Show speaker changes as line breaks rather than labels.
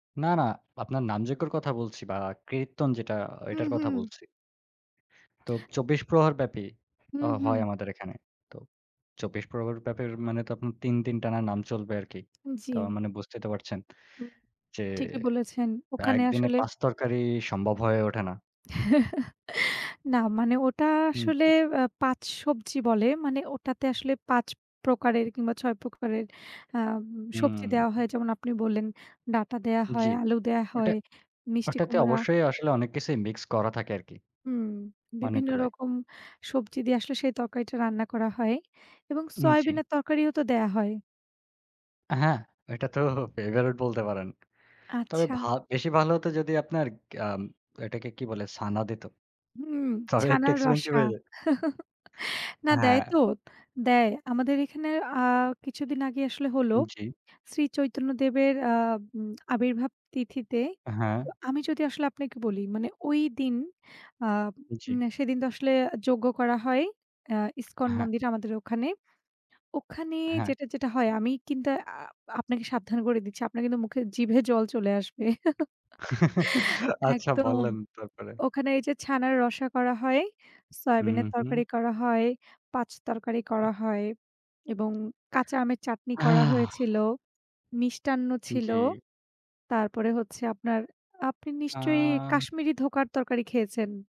না, না, আপনার নামযোগ্যর কথা বলছি না কীর্তন যেটা
হুম,
এটার কথা
হুম।
বলছি। তো ২৪ প্রহার ব্যাপী অ
হুম, হুম।
হয় আমাদের এখানে তো ২৪ প্রহার ব্যাপী মানে তো আপনার ৩ দিন টানা নাম চলবে আরকি তো
জি।
মানে বুঝতেই তো পারছেন
হুম,
যে,
ঠিকই বলেছেন, ওখানে
একদিনে
আসলে
৫ তরকারি সম্ভব হয়ে ওঠে না।
না মানে ওটা
হুম,
আসলে
জি।
আ ৫ সবজি বলে মানে ওটাতে আসলে ৫ প্রকারের কিংবা ৬ প্রকারের আম সবজি দেওয়া
হুম।
হয়। যেমন আপনি বললেন, ডাটা দেওয়া
জি,
হয়, আলু দেওয়া
ওটা,
হয়, মিষ্টি
ওটাতে
কুমড়া।
অবশ্যই আসলে অনেক কিছুই মিক্স করা থাকে আরকি।
হুম,
অনেক
বিভিন্ন
গুলাই।
রকম সবজি দিয়ে আসলে সেই তরকারিটা রান্না করা হয় এবং
হুম জি।
সোয়াবিনের তরকারিও তো দেওয়া হয়।
আ হ্যাঁ, ওইটা তো ফেভারিট বলতে পারেন। তবে
আচ্ছা।
ভা বেশি ভালো হত যদি আপনার গি আম এটাকে কি বলে? ছানা দিত
হুম,
তবে একটু
ছানার
এক্সপেনসিভ
রসা।
হয়ে যায়।
না দেয়
হ্যাঁ।
তো! দেয় আমাদের এখানে আ কিছুদিন আগে আসলে হল
উম জি।
শ্রী চৈতন্য দেবের আম আবির্ভাব তিথিতে
হ্যাঁ।
আমি যদি আসলে আপনাকে বলি মানে ঐ দিন আ
জি।
মানে সেদিন তো আসলে যোগ্য করা হয় আ ইসকন
আ হ্যাঁ।
মন্দির আমাদের ওখানে। ওখানে
হ্যাঁ।
যেটা, যেটা হয় আমি কিন্তু আ আপনাকে সাবধান করে দিচ্ছি, আপনার কিন্তু মুখে জিভে জল চলে আসবে।
আচ্ছা
একদম
বললেন তারপরে।
ওখানে এই যে ছানার রসা করা হয়,
হুম,
সয়াবিনের
হুম।
তরকারি করা হয়, ৫ তরকারি
আ
করা হয় এবং কাঁচা আমের চাটনি করা
আহ!
হয়েছিল, মিষ্টান্ন ছিল
জি।
তারপরে হচ্ছে আপনার, আপনি নিশ্চয়ই
আ
কাশ্মীরি ধোকার তরকারি খেয়েছেন?